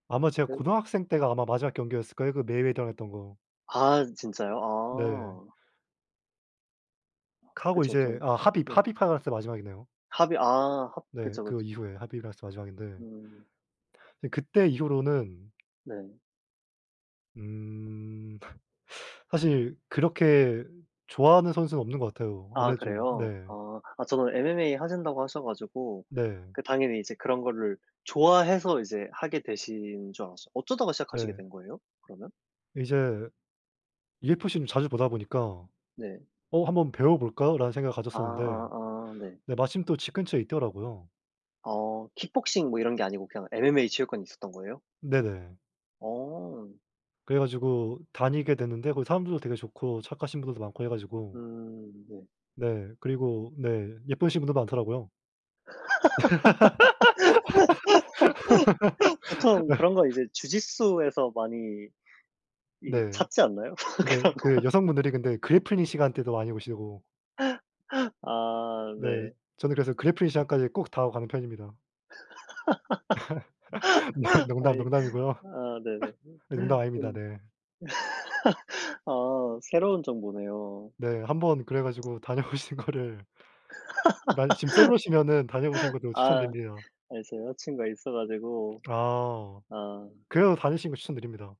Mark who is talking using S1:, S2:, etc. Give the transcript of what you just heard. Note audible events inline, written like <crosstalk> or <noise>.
S1: 아마 제가
S2: 예.
S1: 고등학생 때가 아마 마지막 경기였을 거예요 그 메이웨더랑 했던 거.
S2: 아 진짜요?
S1: 네.
S2: 아.
S1: 카고
S2: 그쵸.
S1: 이제
S2: 좀.
S1: 아 하빕
S2: 네.
S1: 하빕 할 때가 마지막이네요.
S2: 하빕. 아. 합
S1: 네.
S2: 그쵸, 그쵸.
S1: 그거 이후에 하빕이랑 했었던 게 마지막인데
S2: 음.
S1: 그때 이후로는
S2: 네.
S1: 음. 사실 그렇게 좋아하는 선수는 없는 것 같아요.
S2: 아
S1: 아무래도 좀
S2: 그래요?
S1: 네.
S2: 아. 아 저도 MMA 하신다고 하셔 가지고
S1: 네.
S2: 그 당연히 이제 그런 거를 좋아해서 이제 하게 되신 줄 알았어요. 어쩌다가 시작하시게
S1: 네.
S2: 된 거예요? 그러면?
S1: 이제 UFC를 자주 보다 보니까
S2: 네.
S1: '어 한번 배워볼까?'라는 생각을
S2: 아
S1: 가졌었는데
S2: 아 아. 네.
S1: 근데 마침 또 집 근처에 있더라고요.
S2: 어 킥복싱 뭐 이런 게 아니고 그냥 MMA 체육관이 있었던 거예요?
S1: 네네.
S2: 어.
S1: 그래 가지고 다니게 됐는데 거기 사람들도 되게 좋고 착하신 분들도 많고 해 가지고
S2: 음. 네.
S1: 네. 그리고 네 예쁘신 분도 많더라고요.
S2: <laughs> 보통 그런 거
S1: <laughs>
S2: 이제 주짓수에서 많이 이게
S1: 네.
S2: 찾지 않나요? <laughs>
S1: 근데
S2: 그런
S1: 그
S2: 거.
S1: 여성분들이 근데 그래플링 시간대도 많이 오시고
S2: <laughs> 아
S1: 네.
S2: 네.
S1: 저는 그래서 그래플링 시간까지 꼭 다 하고 가는 편입니다. <laughs> <unintelligible>
S2: <laughs>
S1: 농담,
S2: 아니.
S1: 농담이고요.
S2: 아 네네.
S1: <laughs> 네 농담 아닙니다.
S2: 음.
S1: 네.
S2: <laughs> 아 새로운 정보네요.
S1: 네. 한번 그래 가지고 다녀보시는 거를 만일 지금 솔로시면은 다녀보시는
S2: <laughs>
S1: 것도
S2: 아.
S1: 추천드리긴 해요.
S2: 아 제가 여자 친구가 있어 가지고.
S1: 아.
S2: 아.
S1: 그래도 다니시는 거 추천드립니다.